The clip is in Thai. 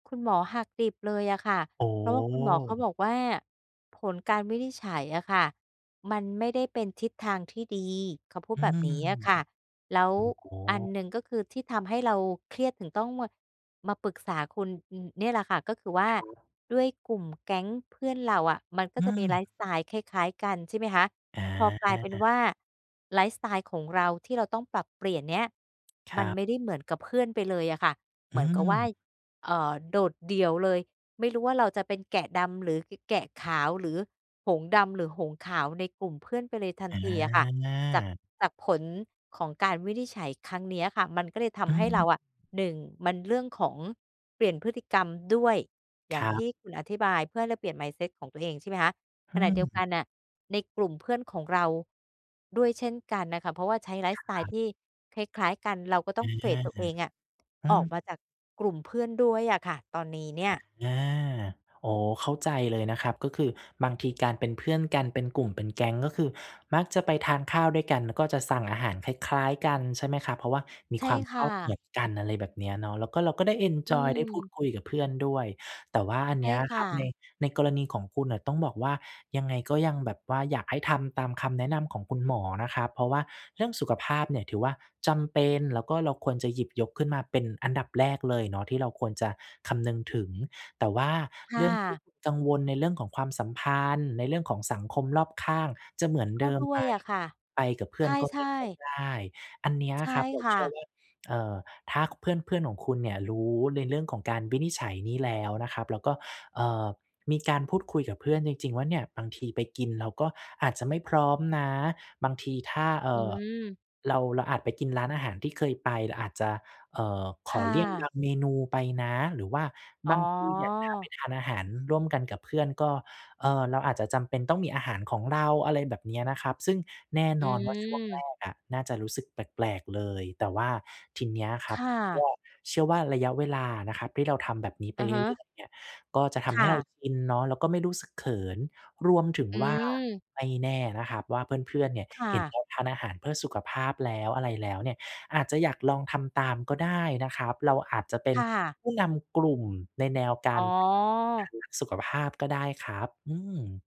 คุณหมอหักดิบเลยอะค่ะ อ๋เพราะว่าคุณหมอเขาบอ อกว่าผลการวินิจฉัยอะค่ะมันไม่ได้เป็นทิศทางที่ดี เขาพูดอืแบม บนี้อะค่ะ แล้วอ๋อ อันหนึ่งก็คือที่ทำให้เราเครียดถึงต้องมา มาปรึกษาคุณ อ เนี่ยแหละค่ะ ก็คือว่าครับ ด้วยกลุ่มแก๊งเพื่อนเราอะมันก็อืจะมีไลม ฟ์สไตล์คล้าย ๆ กัน ใช่ไหมคะ อพอกลายเป็นว่า าไลฟ์สไตล์ของเราที่เราต้องปรับเปลี่ยนเนี่ย คมรันับ ไม่ได้เหมือนกับเพื่อนไปเลยอะค่ะ เหอมืือนกับว่า ม เอ่อ โดดเดี่ยวเลย ไม่รู้ว่าเราจะเป็นแกะดำ หรือ ก แกะขาว หรือหงส์ดำ หรือหงส์ขาวในกลุ่มเพื่อนไปเลยทันอทีอะค่ะ จาก า จากผลของการวินิจฉัยครั้งเนี้ยอะค่ะ มันก็เลยทอืำให้ม เราอะ 1 มันเรื่องของเปลี่ยนพฤติกรรมด้วย อย่คางรัทบ ี่คุณอธิบายเพื่อให้เราเปลี่ยน mindset ของตัวเอง ใช่ไหมคะ อขืณะเดียวกัม นน่ะในกลุ่มเพื่อนของเราด้วยเช่นกันน่ะค่ะ เพราะว่าใช้ไลฟ์คสไตลร์ับ ที่คล้าย ๆ กัน เราก็ต้ออง า เฟด ตัวเองอะ อืออกม มาจากกลุ่มเพื่อนด้วยอะค่ะตอนนี้เนี่ย อา อ๋อ เข้าใจเลยนะครับ ก็คือบางทีการเป็นเพื่อนกันเป็นกลุ่มเป็นแก๊ง ก็คือมักจะไปทานข้าวด้วยกัน ก็จะสั่งอาหารคล้าย ๆ กัน ใช่ไหมครับ เพราะว่ามีใช่ความคช่อบเหมะ ือนกัน อะไรแบบเนี้ยเนาะ แล้วก็เราก็ได้เอนอืจอยได้พูดม คุยกับเพื่อนด้วย แต่ว่าอันใชเน่ี้ยคค่รับ ใน ะ ในกรณีของคุณน่ะต้องบอกว่า ยังไงก็ยังแบบว่าอยากให้ทำตามคำแนะนำของคุณหมอนะครับ เพราะว่าเรื่องสุขภาพเนี่ยถือว่าจำเป็น แล้วก็เราควรจะหยิบยกขึ้นมาเป็นอันดับแรกเลยเนาะที่เราควรจะคำนึงถึง แต่ว่าคเ่รื่องที่ะ คุณกังวลในเรื่องของความสัมพันธ์ ในเรื่องของสังคมรอบข้างจะเหมือนกเ็ดิมด้ไวหม ยอะค่ะ ไปกับเพื่ใอนก็ชไม่่ ค่อยๆ ได้ อันเนี้ยใช่ครับ เราคเ่ชื่อะ ว่า เอ่อ ถ้า ค เพื่อน ๆ ของคุณเนี่ยรู้ในเรื่องของการวินิจฉัยนี้แล้วนะครับ แล้วก็ เอ่อ มีการพูดคุยกับเพื่อนจริง ๆ ว่า เนี่ย บางทีไปกินเราก็อาจจะไม่พร้อมนะ บางทีถ้า เออื่อ ม เรา เราอาจไปกินร้านอาหารที่เคยไป เราอาจจะ เอ่อ ขคอ่เลี่ยงบะ างเมนูไปนะ หรือว่าอ๋บอ างทีเนี่ยถ้าไปทานอาหารร่วมกันกับเพื่อน ก็ เอ่อ เราอาจจะจำเป็นต้องมีอาหารของเรา อะไรแบบเนี้ยนะครับ ซึ่งแน่อนอนว่าช่วงแรืม กอะน่าจะรู้สึกแปลก ๆ เลย แต่ว่าทีเนี้ยคครับ ่วะ ่า เชื่อว่าระยะเวลานะครับ ที่เราทำแบบนี้ไปอะเฮรืะ ่อย ๆ เนี่ย ก็จะทคำให่้เราะ กินเนาะ แล้วก็ไม่รู้สึกเขิน รวมถึงอืว่า ม ไม่แน่นะครับว่า เพื่อน ๆ เนี่ยค่เห็นะ เราทานอาหารเพื่อสุขภาพแล้ว อะไรแล้วเนี่ย อาจจะอยากลองทำตามก็ได้นะครับ เราอาจจะเป็คน ่ะ ผู้นำกลุ่มในแนวกอา๋ร อ การรักสุขภาพก็ได้ครับ อืม